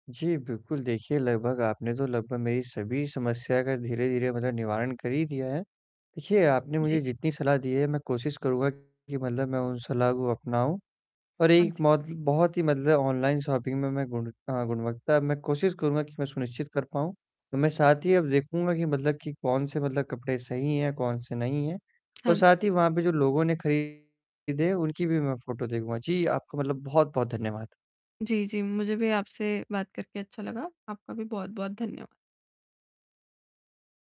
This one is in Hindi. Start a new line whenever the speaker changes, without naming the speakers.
जी बिल्कुल, देखिए लगभग आपने तो लगभग मेरी सभी समस्या का धीरे-धीरे मतलब निवारण कर ही दिया है। देखिए, आपने मुझे
जी।
जितनी सलाह दी है मैं कोशिश करूँगा कि मतलब मैं उन सलाह को अपनाऊँ और
हाँ
एक
जी।
मौजती बहुत ही मतलब ऑनलाइन शॉपिंग में मैं गुणता गुणवत्ता अब मैं कोशिश करूँगा कि मैं सुनिश्चित कर पाऊँ। तो मैं साथ ही अब देखूँगा कि, मतलब कि कौन से मतलब कपड़े सही हैं, कौन से नहीं हैं और
हाँ जी।
साथ ही वहाँ पे जो लोगों ने खरीदे उनकी भी मैं फोटो देखूँगा, जी आपका मतलब बहुत-बहुत धन्यवाद।
जी, जी, मुझे भी आपसे बात करके अच्छा लगा। आपका भी बहुत-बहुत धन्यवाद।